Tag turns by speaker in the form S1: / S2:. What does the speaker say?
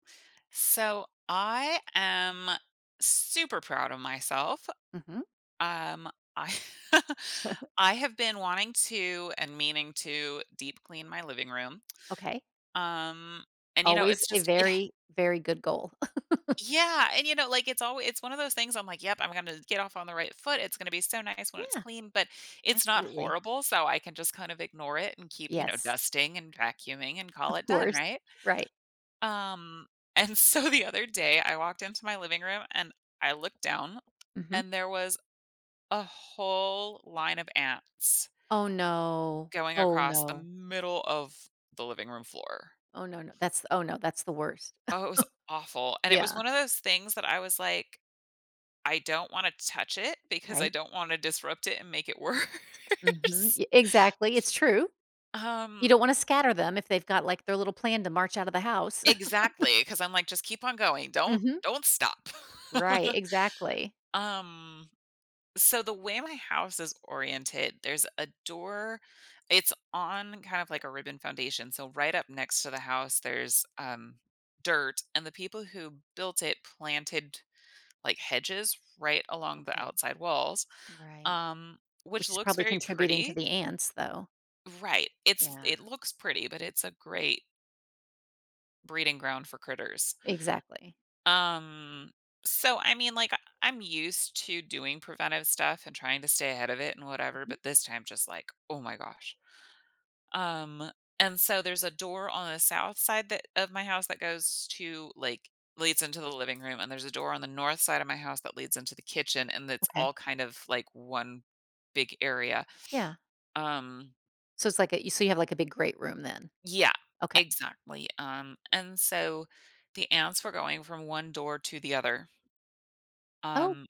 S1: So, I am super proud of myself,
S2: Mhm.
S1: um, I I have been wanting to and meaning to deep clean my living room,
S2: Okay.
S1: um, and, you know,
S2: Always
S1: it's
S2: a
S1: just it ha
S2: very, very good goal.
S1: Yeah, and, you know, like, it alw it's one of those things, I'm like, "Yep, I'm gonna get off on the right foot. It's gonna be so nice when it's
S2: Yeah,
S1: clean." But it's not
S2: absolutely.
S1: horrible, so, I can just kind of ignore it and keep, you know,
S2: Yes.
S1: dusting, and vacuuming, and call
S2: Of
S1: it done,
S2: course,
S1: right?
S2: right.
S1: Um, and so the other day, I walked into my living room and I looked down,
S2: Mhm.
S1: and there was a whole line of ants
S2: Oh, no.
S1: going
S2: Oh,
S1: across the
S2: no.
S1: middle of the living room floor.
S2: Oh, no, no That's oh, no, that's the worst.
S1: Oh, it was awful, and it was
S2: Yeah.
S1: one of those things that I was like, "I don't wanna touch it, because I
S2: Right.
S1: don't wanna disrupt it, and make it
S2: Mhm,
S1: worse."
S2: ye exactly, it's true. You
S1: Um
S2: don't wanna scatter them if they've got, like, their little plan to march out of the house.
S1: Exactly, 'cause I'm like, "Just keep on going, don't
S2: Mhm
S1: don't stop."
S2: Right, exactly.
S1: Um, so, the way my house is oriented, there's a door it's on kind of, like, a ribbon foundation, so, right up next to the house, there's, um, dirt, and the people who built it planted, like, hedges right along the
S2: Okay.
S1: outside walls,
S2: Right,
S1: um, which
S2: which is
S1: looks
S2: probably
S1: very
S2: contributing to
S1: pretty
S2: the ants, though.
S1: Right, it's
S2: Yeah.
S1: it looks pretty, but it's a great breeding ground for critters.
S2: Exactly.
S1: Um, so, I mean, like, I I'm used to doing preventive stuff and trying to stay ahead of it and whatever,
S2: Mhm.
S1: but this time, just like, "Oh my gosh." Um, and so, there's a door on the south side that of my house that goes to like, leads into the living room, and there's a door on the north side of my house that leads into the kitchen, and it's
S2: Okay.
S1: all kind of, like, 1 big area,
S2: Yeah.
S1: um
S2: So, it's like, a so, you have, like, a big great room then.
S1: Yeah,
S2: Okay.
S1: exactly, um, and so, the ants were going from one door to the other.
S2: Oh.
S1: Um